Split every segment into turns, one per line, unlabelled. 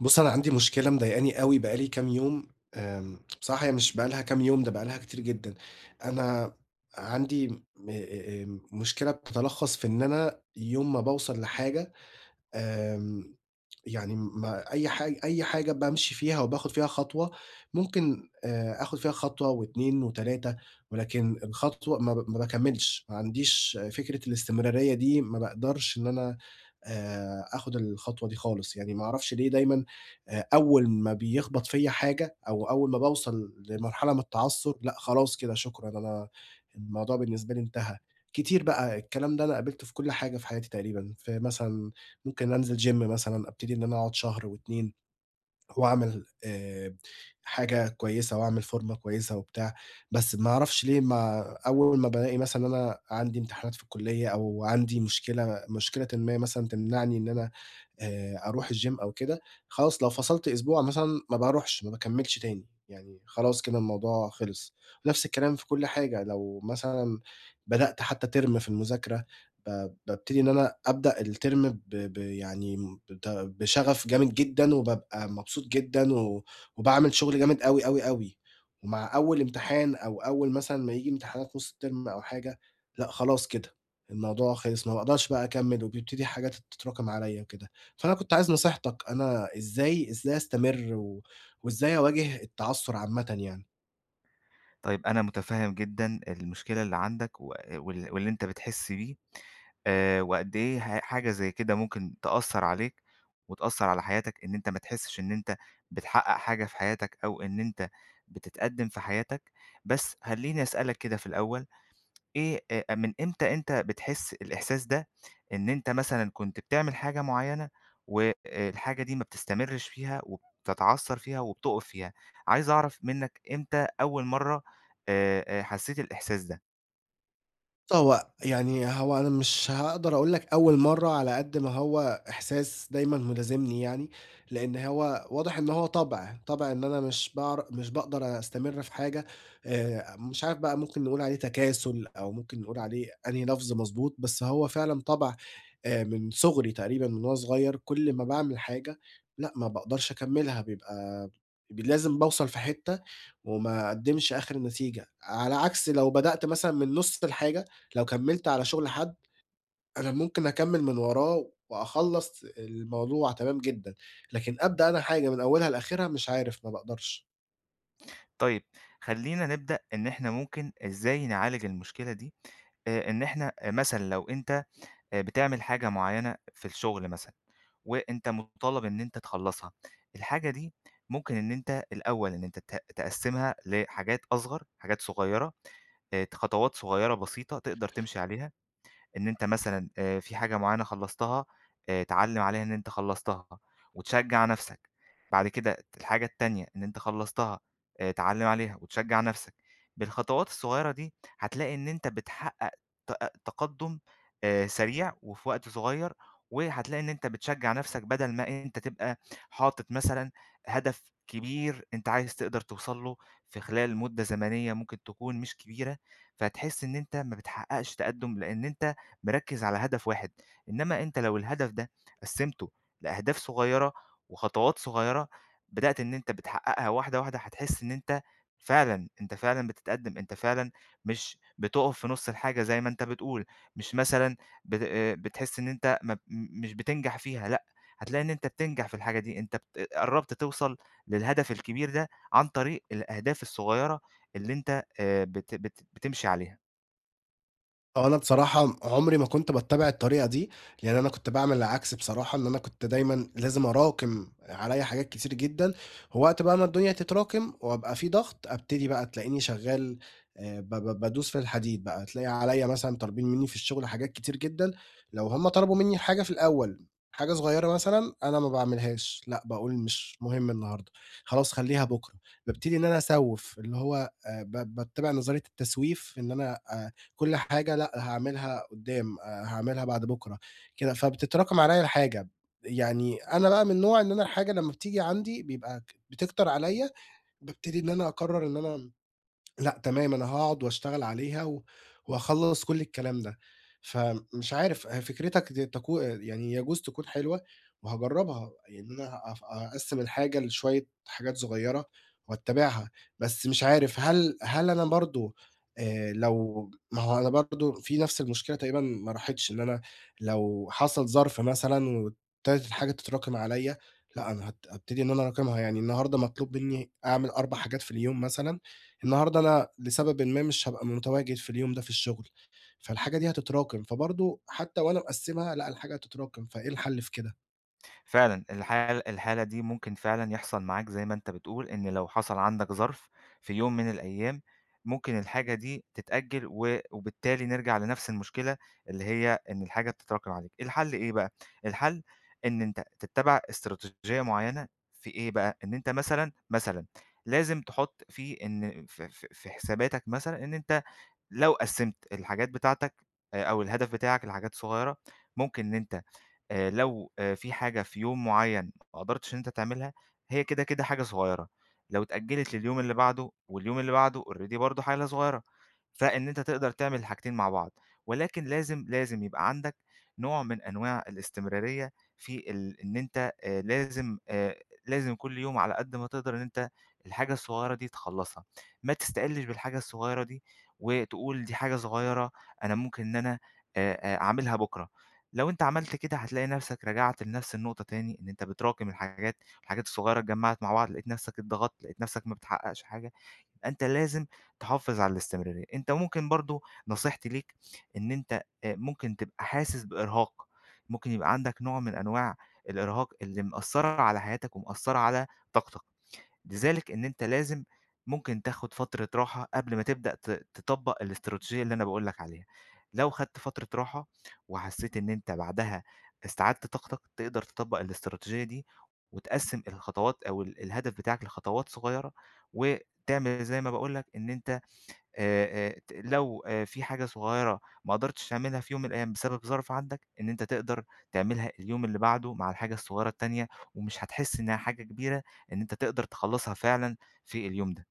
بُصّ، أنا عندي مشكلة مضايقني أوي بقى لي كام يوم، آمم بصراحة مش بقي لها كام يوم، ده بقي لها كتير جدًا، أنا عندي م أ أ آآ، مشكلة بتتلخّص في إن أنا يوم ما باوصل لحاجة، آمم يعني ما أي حاج أي حاجة بامشي فيها وباخد فيها خطوة، ممكن آآ آخد فيها خطوة و2، و3، ولكن الخطوة ما ب ما باكمّلش، ما عنديش فكرة الإستمرارية دي، ما باقدرش إن أنا آآ آخد الخطوة دي خالص، يعني ما أعرفش ليه دايمًا آآ، أول ما بيخبط فيّا حاجة أو أول ما باوصل لمرحلة من التعثُّر، لأ خلاص كده شكرًا، أنا الموضوع بالنسبه لي انتهى. كتير بقى، الكلام ده أنا قابلته في كلّ حاجة في حياتي تقريبًا، في مثلًا ممكن أنزِل Gym مثلًا، ابتدي إن أنا أقعد شهر و2، وأعمل آآ، حاجة كويسة وأعمل فورمة كويسة وبتاع، بس ما أعرفش ليه ما أول ما بالاقي مثلًا أنا عندي امتحانات في الكلية أو عندي مشكلة مشكلةً ما مثلًا تمنعني إن أنا آآ، أروح الGym أو كده، خلاص لو فصَلت أسبوع مثلًا ما باروحش، ما باكمّلش تاني، يعني خلاص كده الموضوع خِلص. نفْس الكلام في كلّ حاجة لو مثلًا، بدأت حتّى Term في المذاكرة ب بابتدي إن أنا أبدأ الTerm ب ب يعني م بت بشغف جامد جدًا وبابقى مبسوط جدًا و وباعمل شغل جامد أوي، أوي، أوي، ومع أول امتحان أو أول مثلًا ما ييجي امتحانات نُص الTerm أو حاجة، لأ خلاص كده الموضوع خِلص، ما باقدرش بقى أكمِّل وبيبتدي حاجات تتراكم عليَّ وكده، فأنا كنت عايز نصيحتَك، أنا إزاي إزاي أستمر و وإزاي أواجه التعثُّر عامةّ يعني؟
طَيِّب أنا مُتفهِّم جدًا المشكلة اللّي عندك و وال واللّي أنت بتحِسّ بيه، آآ وقد إيه ه حاجة زيّ كِدَه ممكن تأثّر عليك، وتأثّر على حياتَك إن أنت ما تحِسّش إن أنت بتحقّق حاجة في حياتك، أو إن أنت بتتقدّم في حياتَك، بس خلّيني أسألَك كده في الأول، إيه أ من إمتى أنت بتحِسّ الإحساس ده؟ إن أنت مثلًا كنت بتعمل حاجة معيّنة، و آآ، الحاجة دي ما بتستمرّش فيها، وبتتعثر فيها، وبتقف فيها؟ عايز أعرَف منَّك إمتى أوِّل مَرّة آآ، آآ حسّيت الإحساس ده؟
بُصّ، هو يعني هو أنا مِش هاقدَر أقول لَك أوّل مَرّة على قد ما هو إحساس دايمًا مِلازمنِي يعني، لإن هو واضِح إن هو طَبع، طَبع إن أنا مِش باعر مِش باقدَر أستمرّ في حاجة، آآ، مِش عارف بَقى مُمكِن نقول عليه تَكاسُل، أو مُمكِن نقول عليه أنهي لَفظ مَضبوط، بس هو فِعلًا طَبع آآ من صُغري تقريبًا من وأنا صُغيَّر، كُلّ ما باعمِل حاجة، لأ ما باقدَرش أكمِّلها، بيبقى ب لازِم باوصَل في حِتَّة، وما أقدّمِش آخِر نتيجَة، على عَكس لو بَدأت مثلًا من نُصّ الحاجة، لو كمّلت على شُغل حَدّ، أنا مُمكِن أكمّل مِن وراه وأخلّص الموضوع تمام جدًا، لكن أبدأ أنا حاجة مِن أوّلها لآخِرها، مش عارف، ما باقدرَش.
طيب. خلينا نبدأ إن إحنا ممكن إزاي نعالج المشكلة دي، آآ، إن إحنا أ مثلًا لو أنت آآ، بتعمل حاجة معينة في الشغل مثلًا، وأنت مُطالب إن أنت تخلصها، الحاجة دي ممكن إن أنت الأول إن أنت ت تقسِّمها لحاجات أصغر، حاجات صغيرة، آآ، ت خطوات صغيرة بسيطة، تقدر تمشي عليها. إن أنت مثلًا آآ في حاجة معينة خلصتها، آآ تعلِّم عليها إن أنت خلصتها وتشجع نفْسَك، بعد كده الحاجة التانية إن أنت خلصتها، آآ، تعلِّم عليها وتشجع نفْسَك. بالخطوات الصغيرة دي، هتلاقي إن أنت بتحقق تأ أ تقدم آآ، سريع وفي وقت صغير وهتلاقي إن أنت بتشجع نفْسَك بدل ما أنت تبقى حاطط مثلًا هدف كبير أنت عايز تقدر توصل له، في خلال مدة زمنية ممكن تكون مش كبيرة، فتحس إن أنت ما بتحققش تقدم؛ لأن أنت مِركِّز على هدف واحد، إنما أنت لو الهدف ده قسِّمته لأهداف صغيرة وخطوات صغيرة، بدأت إن أنت بتحققها واحدة، واحدة، هتحس إن أنت فعلًا، أنت فعلًا بتتقدم، أنت فعلًا مش بتقف في نُص الحاجة زي ما أنت بتقول، مش مثلًا بت بتحس إن أنت م مش بتنجح فيها، لأ، هتلاقي إن أنت بتنجح في الحاجة دي، أنت ب قربت توصل للهدف الكبير ده، عن طريق الأهداف الصغيرة اللي أنت آآ، بت بت بتمشي عليها.
هو أنا بصراحة م عمري ما كنت باتّبع الطريقة دي، لإن أنا كنت باعمل العكس بصراحة، إن أنا كنت دايمًا لازم اراكِم عليَّ حاجات كتير جدًا، ووقت بقى ما الدنيا تتراكم وأبقى في ضغط، ابتدي بقى تلاقيني شغال آآ، ب ب بادوس في الحديد بقى، تلاقي عليَّ مثلًا طالبين مني في الشغل حاجات كتير جدًا، لو هُم طلبوا مني الحاجة في الأول، حاجة صغيّرة مثلًا أنا ما باعملهاش، لأ باقول: "مش مهم النهارده، خلاص خلّيها بُكرة." بابتدي إن أنا أسوّف، اللي هو آآ ب باتّبع نظرية التسويف، إن أنا آآ، كلّ حاجة لأ هاعملها قدّام، آآ، هاعملها بعد بُكرة، كده، فبتتراكم عليَّ الحاجة. يعني أنا بقى من النوع إن أنا الحاجة لمّا بتيجي عندي بيبقى ك بتكتر عليَّ، بابتدي إن أنا أقرّر إن أنا م لأ تمام، أنا هاقعد واشتغل عليها و وهاخلّص كلّ الكلام ده. فمش عارف ه فكْرِتك دي تكو يعني يجوز تكون حلوة، وهاجرّبها، يعني أنا هاف هأقسّم الحاجة لشوية حاجات صغيّرة، وأتّبعها، بس مش عارف هل هل أنا برضه، آآ لو ما هو أنا برضه في نفْس المشكلة تقريبًا ما راحتش، إن أنا لو حصل ظرف مثلًا وابتدت الحاجة تتراكم عليَّ، لأ، أنا هت هابتدي إن أنا أراكمها، يعني النهارده مطلوب مني أعمل 4 حاجات في اليوم مثلًا، النهارده أنا لسببٍ ما مش هابقى متواجد في اليوم ده في الشغل، فالحاجة دي هتتراكم، فبرضه حتّى وأنا مقسّمها لأ، الحاجة هتتراكم، فإيه الحل في كده؟
فعلًا، الحالة الحالة دي ممكن فعلًا يحصل معاك، زي ما أنتَ بتقول، إن لو حصل عندك ظرف في يوم من الأيَّام، ممكن الحاجة دي تتأجَّل، و وبالتالي نرجع لنفس المشكلة، اللي هي إن الحاجة بتتراكم عليك. الحل إيه بقى، الحل إن أنتَ تتَّبِع إستراتيجية معيَّنة في إيه بقى، إن أنتَ مثلًا، مثلًا، لازِم تحُطّ فيه إن ف ف في حساباتَك مثلًا، إن أنتَ لو قسَّمت الحاجات بتاعتَك آآ أو الهدف بتاعك لحاجات صغيرة، ممكن إن أنتَ آآ لو آآ في حاجة في يوم معيَّن ما قدِرتِش إن أنتَ تعملها، هي كده كده حاجة صغيرة، لو اتأجَّلت لليوم اللي بعده، واليوم اللي بعده already برضه حاجة صغيرة، فإن أنتَ تقدَر تعمل الحاجتين مع بعض. ولكن لازم لازم يبقى عندك نوع من أنواع الاستمراريَّة في ال إن أنتَ آآ لازِم آآ لازم كلّ يوم، على قد ما تقدَر، إن أنتَ الحاجة الصغيرة دي تخلَّصها. ما تستقِلِّش بالحاجة الصغيرة دي وتقول: "دي حاجة صغيرة، أنا ممكن إن أنا آآ آآ أعملها بُكرا." لو أنتَ عملت كده هتلاقي نفسَك رجَعت لنفس النقطة تاني، إن أنتَ بتراكم الحاجات، والحاجات الصغيرة اتجمَّعت مع بعض، لقيت نفسَك اتضغَّطت، لقيت نفسَك ما بتحقِّقش حاجة. أنتَ لازِم تحافِظ على الاستمراريَّة. أنتَ ممكن برضه نصيحتي ليك، إن أنتَ ممكن تبقى حاسِس بإرهاق، ممكن يبقى عندك نوع من أنواع الإرهاق اللي مأثِّرة على حياتَك ومأثِّرة على طاقتَك، لذلك إن أنتَ لازم ممكن تاخُد فترة راحة قبل ما تبدأ ت تطبِّق الإستراتيجية اللي أنا باقول لك عليها. لو خدت فترة راحة وحسّيت إن أنتَ بعدها استعَدِّت طاقتَك، تقدَر تطبِّق الإستراتيجية دي وتقسّم الخطوات أو ال الهدف بتاعَك لخطوات صغيرة، وتعمل زي ما باقول لك، إن أنتَ آآ آآ ت لو في حاجة صغيرة ما قدِرتِش تعمَلها في يوم الأيَّام بسبَب ظرف عندك، إن أنتَ تقدَر تعمَلها اليوم اللي بعده مع الحاجة الصغيرة التانية، ومش هتحس إنها حاجة كبيرة، إن أنتَ تقدَر تخلَّصها فعلًا في اليوم ده.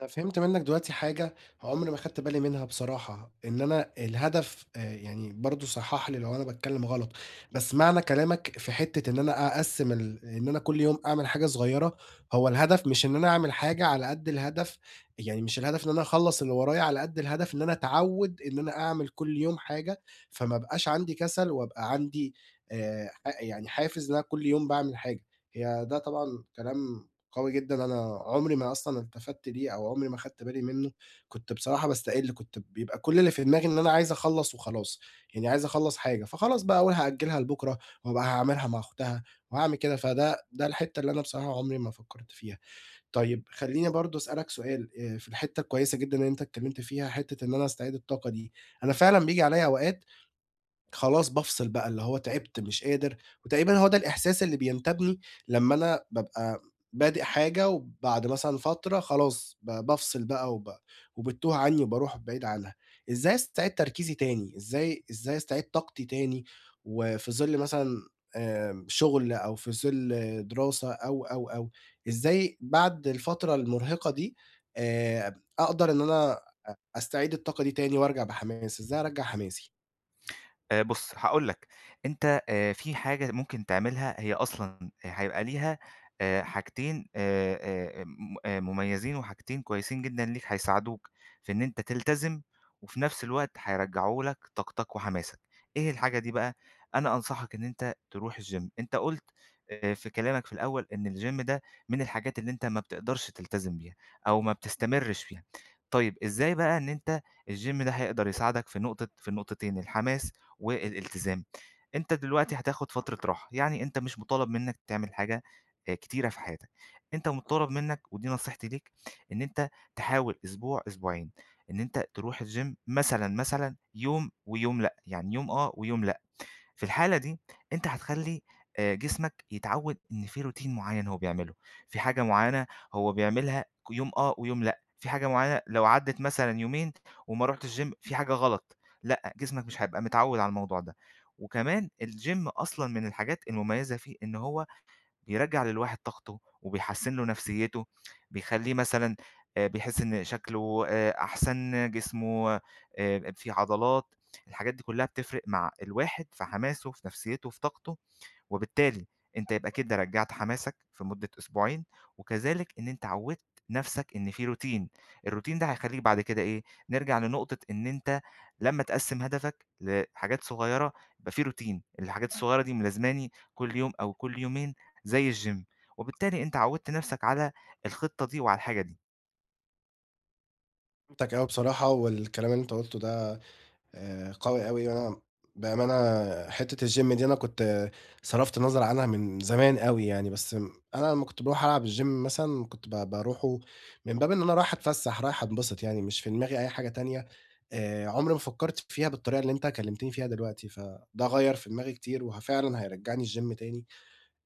أنا فهِمت منك دلوقتي حاجة عمري ما خدت بالي منها بصراحة، إن أنا الهدف آآ يعني، برضه صحِّح لي لو أنا باتكلَّم غلط. بس معنى كلامك في حتَّة إن أنا أقسّم ال إن أنا كل يوم أعمل حاجة صغيرة، هو الهدف، مش إن أنا أعمل حاجة على قد الهدَف يعني مش الهدَف إن أنا أخلَص اللي ورايا، على قد الهدَف إن أنا اتعوَّد إن أنا أعمل كل يوم حاجة، فما أبقاش عندي كسل وأبقى عندي آآ، ح يعني حافز إن أنا كل يوم باعمل حاجة. هي ده طبعًا كلام قوي جدًا، أنا عمري ما أصلًا التفَّت ليه، أو عمري ما خدت بالي منه. كنت بصراحة باستقِل، كنت بيبقى كل اللي في دماغي إن أنا عايِز أخلَص وخلاص. يعني عايِز أخلَص حاجة، فخلاص بقى، أقول: "هأجِلها لبُكرة وأبقى هاعمَلها مع أُختها وهاعمل كده." فده ده الحتَّة اللي أنا بصراحة عمري ما فكرت فيها. طيب خلِّيني برضه أسأَلَك سؤال، آآ في الحتَّة الكويِسة جدًا إن أنتَ اتكلَّمت فيها، حتَّة إن أنا أستعيد الطاقة دي. أنا فعلًا بييجي عليّا أوقات، خلاص بافصِل بقى، اللي هو، تعبت، مش قادر. وتقريبًا هو ده الإحساس اللي بينتابِيني لمَّا أنا بابقى بادِئ حاجة، وبعد مثلًا فترة خلاص ب بافصِل بقى، وب وبتتوه عني، وبارُوح بعيد عنها. إزاي استعيد تركيزي تاني؟ إزاي إزاي استعيد طاقتي تاني؟ وفي ظلّ مثلًا آآ، شغل، أو في ظلّ دراسة، أو، أو، أو، إزاي بعد الفترة المُرهِقة دي، آآ، أقدَر إن أنا أ أستعيد الطاقة دي تاني، وأرجع بحماس؟ إزاي أرجَع حماسي؟
آآ، بُص هاقول لَك، أنت، آآ، في حاجة ممكن تعملها هي أصلًا آآ، هيبقى ليها، آآ، حاجتين، آآ، آآ، آآ، م آآ، مُميزين وحاجتين كويسين جدًا ليك، هيساعدوك في إن أنت تلتزم وفي نفْس الوقت هيرجّعوا لك طاقتك وحماسك. إيه الحاجة دي بقى؟ أنا أنصحك إن أنت ترُوح الGym أنت قُلت، آآ، في كلامك في الأول، إن الGym ده من الحاجات اللي أنت ما بتقدرش تلتزم بيها أو ما بتستمرِش فيها. طيّب إزاي بقى إن أنت الGym ده هيقدر يساعدك في نقطة في النقطتين، الحماس والإلتزام، أنت دلوقتي هتاخد فترة راحة، يعني أنت مش مُطالب منك تعمل حاجة آآ، كتيرة في حياتك، أنت مُطالب منك- ودي نصيحتي ليك- إن أنت تحاول أسبوع أسبوعين إن أنت تروُح الGym مثلًا، مثلًا، يوم ويوم لأ، يعني يوم آه، ويوم لأ، في الحالة دي أنت هتخلي، آآ، جسمَك يتعود إن في Routine معيَّن هو بيعمله، في حاجة معيَّنة هو بيعملها ك يوم آه ويوم لأ، في حاجة معيَّنة لو عدّت مثلًا يومين وما رُحتش Gym في حاجة غلط، لأ، جسمك مش هيبقى متعود على الموضوع ده، وكمان الGym أصلًا من الحاجات المميزة فيه، إن هو بيرجّع للواحد طاقته وبيحسِّن له نفْسيته، بيخليه مثلًا، آآ، بيحس إن شكله، آآ، أحسن جسمه، آآ، فيه عضلات، الحاجات دي كلها بتفْرِق مع الواحد في حماسه، في نفْسيته، في طاقته، وبالتالي أنت يبقى كده رجّعت حماسك في مدة أسبوعين، وكذلك إن أنت عوِّدت نفْسَك إن في Routine، الRoutine ده هيخليك بعد كده إيه، نرجع لنقطة إن أنت لمّا تقسّم هدفك لحاجات صغيرة، يبقى في Routine الحاجات الصغيرة دي ملازماني كل يوم أو كل يومين، زي الGym وبالتالي أنت عوِّدت نفْسَك على الخطة دي وعلى الحاجة دي.
فهمتك أوي بصراحة، والكلام اللي أنت قلتُه ده آآ، قوي أوي يعني وأنا بأمانة حتة الgym دي أنا كنت صرفت النظر عنها من زمان أوي يعني، بس م أنا لمّا كنت باروح ألعب الgym مثلًا كنت ب باروحُه من باب إن أنا رايح أتفسّح، رايح أنبسط يعني مش في دماغي أي حاجة تانية آآ، عُمري ما فكّرت فيها بالطريقة اللي أنت كلمتِني فيها دلوقتي، فده غيّر في دماغي كتير وهَ فعلاً هيرجّعني الgym تاني،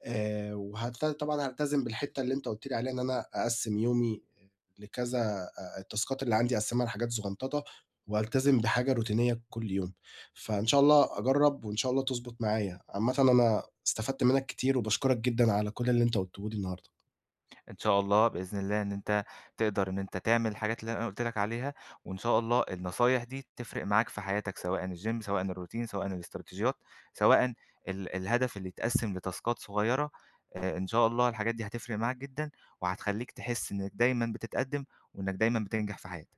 آآ، وهلت طبعًا هالتزم بالحتة اللي أنت قُلت لي عليها إن أنا أقَسِّم يومي آآ، لكذا آآ، التاسكات اللي عندي أقَسّمها لحاجات زغنططة، وألتزم بحاجة روتينية كُلّ يوم. فإن شاء الله أجرّب وإن شاء الله تضبط معايا، عامةً أنا استفدت منّك كتير وباشكرك جدًا على كُلّ اللي أنت قلتُه لي النهارده.
إن شاء الله بإذن الله، إن أنت تقدر إن أنت تعمل الحاجات اللي أنا قُلت لك عليها، وإن شاء الله النصايح دي تِفرِق معاك في حياتك سواءً الgym سواءً الroutine سواءً الإستراتيجيات، سواءً ال الهدف اللي يتقسِّم لتاسكات صغيرة آآ، إن شاء الله الحاجات دي هتفرِق معاك جدًا، وهتخليك تحس إنك دايمًا بتتقدِّم وإنّك دايمًا بتنجح في حياتك.